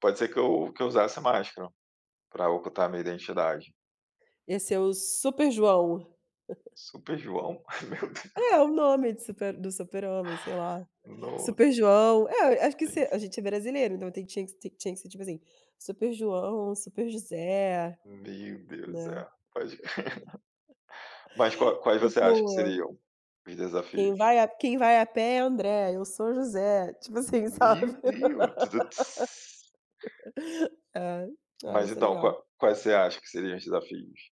Pode ser que eu que eu usasse máscara para ocultar a minha identidade. Esse é o "Super João". Super João? Meu Deus. É o nome de super do super homem, sei lá. Nossa. "Super João", eh, acho que Sim, se a sim. gente é brasileiro, então tinha que s tinha que ser, tipo assim, "Super João, Super José", Meu Deus, né. é, pode Mas qual quais você acha que Tipo seriam os "Quem desafios? vai a quem vai a pé é André, eu sou José". Tipo assim, sabe. Meu Deus Ai. Ah, Mas ia ser então, legal. qua quais você acha que seriam os desafios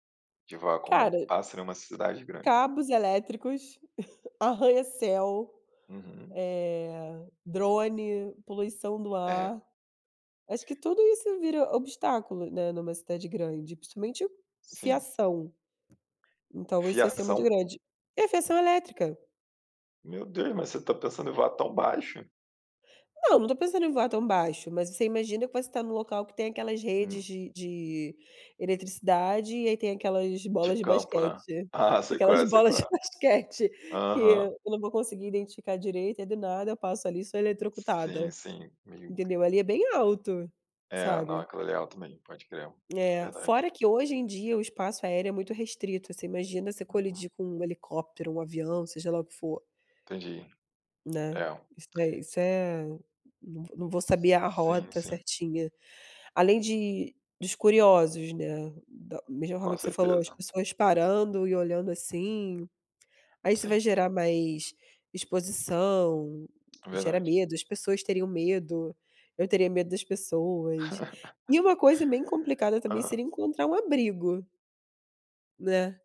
de voar como um Cara pássaro em uma cidade grande? Cabos elétricos, arranha-céu, Uhum. eh, drone, poluição do É. ar. Acho que tudo isso vira obstáculo, né, numa cidade grande, principalmente Sim. fiação. Então isso ia ser muito Fiação? grande. E a fiação elétrica. Meu Deus, mas você tá pensando em voar tão baixo? Não, não tô pensando em voar tão baixo, mas você imagina que eu posso tá em um local que tem aquelas Hum. redes de de eletricidade, e aí tem aquelas De bolas de campo né. basquete. Ah, sei qual Aquelas é, sei bolas qual de é. basquete que Aham. eu não vou conseguir identificar direito e do nada, eu passo ali e sou Sim, eletrocutada. sim, meio Entendeu? Ali é bem alto, É, não, sabe. aquilo ali é alto mesmo, pode crer. É É. verdade. Fora que hoje em dia o espaço aéreo é muito restrito, você imagina você colidir com um helicóptero, um avião, seja lá o que for. Entendi. Né, É. isso é isso é não vo não vou saber a Sim, rota sim. certinha. Além de dos curiosos, né, da mesma forma Com que você falou, as certeza. pessoas parando e olhando assim. Aí isso Sim. vai gerar mais exposição, É gera verdade. medo, as pessoas teriam medo, eu teria medo das pessoas. E uma coisa bem complicada também Hã. seria encontrar um abrigo. Né.